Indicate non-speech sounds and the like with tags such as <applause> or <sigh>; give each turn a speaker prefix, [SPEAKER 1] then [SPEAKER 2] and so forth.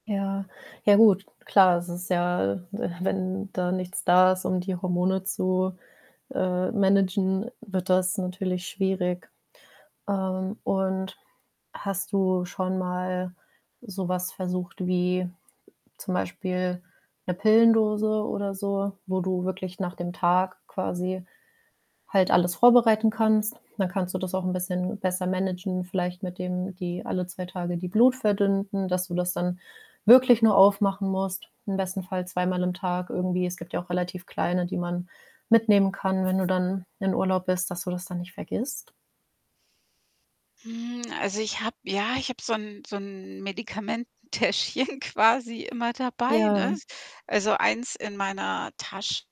[SPEAKER 1] Ja, ja gut, klar, es ist ja, <chuckles> wenn da nichts da ist, um die Hormone zu, äh managen, wird das natürlich schwierig. Ähm, und hast du schon mal so was versucht wie zum Beispiel ‘ne Pillendose oder so, wo du wirklich nach dem Tag quasi halt alles vorbereiten kannst? Dann kannst du das auch ‘n bisschen besser managen, vielleicht mit dem die alle 2 Tage die Blut verdünnten, dass du das dann wirklich nur aufmachen musst, im besten Fall zweimal am Tag irgendwie. Es gibt ja auch relativ kleine, die man mitnehmen kann, wenn du dann in Urlaub bist, dass du das dann nicht vergisst.
[SPEAKER 2] Hm, also, ich habe, ja ich habe so ‘n so ‘n Medikamenten Täschchen quasi immer dabei, ne?
[SPEAKER 1] Ja.
[SPEAKER 2] Also, eins in meiner Tasch